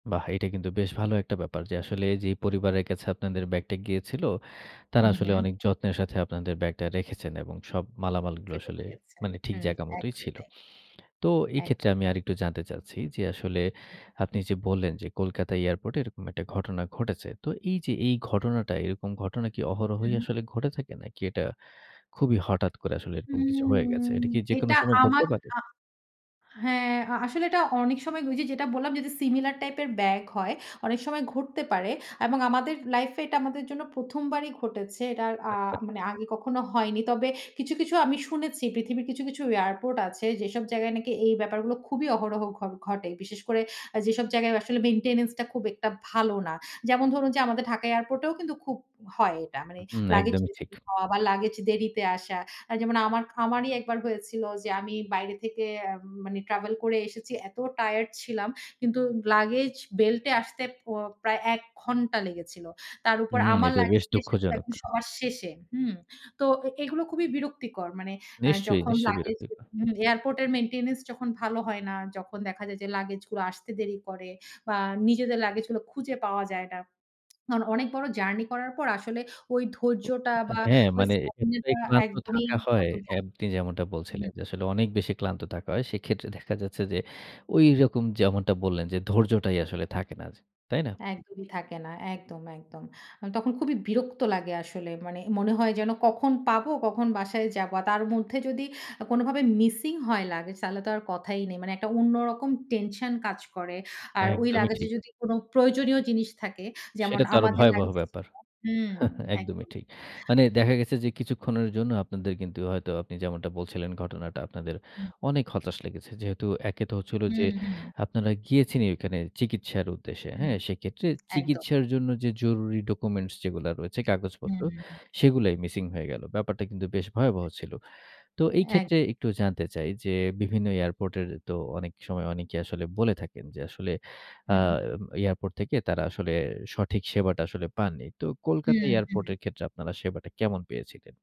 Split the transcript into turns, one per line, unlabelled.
বাহ! এটা কিন্তু বেশ ভালো একটা ব্যাপার। যে আসলে এইযে পরিবারের কাছে আপনাদের ব্যাগটা গিয়েছিল, তারা
হুম,
আসলে
হুম।
অনেক যত্নের সাথে আপনাদের ব্যাগটা রেখেছেন এবং সব মালামালগুলো
ফেরত
আসলে
দিয়েছে।
মানে ঠিক
হুম,
জায়গা মতোই
একদম
ছিল।
তাই।
তো এই
একদম
ক্ষেত্রে আমি
তাই।
আরেকটু জানতে চাচ্ছি, যে আসলে
হু,
আপনি
হু।
যে বললেন, যে কলকাতা এয়ারপোর্টে এরকম একটা ঘটনা ঘটেছে। তো এই যে এই
হ্যাঁ।
ঘটনাটা এরকম ঘটনা কি অহরহই
হু।
আসলে ঘটে থাকে? নাকি এটা খুবই হঠাৎ করে আসলে এরকম কিছু হয়ে গেছে?
হুম।
এটা কি যেকোনো
এটা
সময়
আমার
ঘটতে পারে?
আ হ্যাঁ আ আসলে এটা অনেক সময় কি ওই যে যেটা বললাম, যদি সিমিলার টাইপ এর ব্যাগ হয়, অনেক সময় ঘটতে পারে। এবং আমাদের লাইফ এ এটা আমাদের জন্য ১ম বারই ঘটেছে। এটার আ মানে আগে কখনো হয়নি। তবে কিছু, কিছু আমি শুনেছি পৃথিবীর কিছু, কিছু এয়ারপোর্ট আছে। যেসব জায়গায় নাকি এই ব্যাপারগুলো খুবই অহরহ ঘ ঘটে। বিশেষ করে আ যেসব জায়গায় আসলে মেইনটেন্যান্স টা খুব একটা ভালো না। যেমন ধরুন যে আমাদের ঢাকা এয়ারপোর্টেও কিন্তু খুব হয় এটা, মানে
হুম,
লাগেজ
একদমই ঠিক।
মিসিং হওয়া বা লাগেজ দেরিতে আসা। আ যেমন আমার আমারই ১ বার হয়েছিল যে আমি বাইরে থেকে এম মানে ট্রাভেল করে এসেছি। এত টায়ারড ছিলাম। কিন্তু লাগেজ বেল্টে আসতে প প্রায় ১ ঘন্টা লেগেছিল। তার উপর
হুম,
আমার
এটা বেশ
লাগেজটা এসেছিল
দুঃখজনক।
একদম সবার শেষে, হুম? তো এ এগুলো খুবই বিরক্তিকর। মানে অ্যা
নিশ্চয়ই,
যখন
নিশ্চয়ই
লাগেজ এ
বিরক্তিকর।
হু, এয়ারপোর্ট এর মেইনটেন্যান্স যখন ভালো হয় না, যখন দেখা যায় যে লাগেজ গুলো আসতে দেরি করে বা নিজেদের লাগেজ গুলো খুঁজে পাওয়া যায় না। অন অনেক বড় জার্নি করার পর আসলে ওই
ও
ধৈর্যটা বা
হ্যাঁ,
ওই
মানে এক্ষেত্রে
স্টামিনা
ক্লান্ত
একদমই
থাকা হয়
তখন
এ
থা
আপনি যেমনটা বলছিলেন।
হুম।
যে আসলে অনেক বেশি ক্লান্ত থাকা হয়। সেক্ষেত্রে দেখা যাচ্ছে যে ঐরকম যেমনটা বললেন যে ধৈর্যটাই আসলে থাকে না, জ তাই না?
একদমই থাকে না। একদম, একদম। অ তখন খুবই বিরক্ত লাগে আসলে। মানে মনে হয় যেন, "কখন পাবো, কখন বাসায় যাব?" আর তার মধ্যে যদি আ কোনোভাবে মিসিং হয় লাগেজ, তাহলে তো আর কথাই নেই। মানে একটা অন্যরকম টেনশন কাজ করে। আর ওই
একদমই
লাগেজ এ
ঠিক।
যদি কোনো প্রয়োজনীয় জিনিস থাকে যেমন
সেটা তো আরো
আমাদের
ভয়াবহ
লাগেজ ছিল
ব্যাপার।
হুম,
একদমই
একদম।
ঠিক। মানে দেখা গেছে যে কিছুক্ষণের জন্য আপনাদের কিন্তু হয়তো আপনি যেমনটা বলছিলেন, ঘটনাটা আপনাদের
হু।
অনেক হতাশ লেগেছে। যেহেতু একে তো হচ্ছিল
হুম,
যে
হুম।
আপনারা গিয়েছেনই ওইখানে চিকিৎসার উদ্দেশ্যে,
হুম,
হ্যাঁ? সেক্ষেত্রে
একদম।
চিকিৎসার জন্য যে জরুরি ডকুমেন্টস যেগুলা রয়েছে কাগজপত্র,
হুম।
সেগুলাই মিসিং হয়ে গেল। ব্যাপারটা কিন্তু বেশ ভয়াবহ ছিল। তো এই
একদম।
ক্ষেত্রে একটু জানতে চাই, যে বিভিন্ন এয়ারপোর্ট এর তো অনেক সময় অনেকেই আসলে বলে থাকেন যে আসলে আ
হুম।
এয়ারপোর্ট থেকে তারা আসলে সঠিক সেবাটা আসলে পাননি। তো কলকাতা
হুম,
এয়ারপোর্ট
হুম।
এর ক্ষেত্রে আপনারা সেবাটা কেমন পেয়েছিলেন?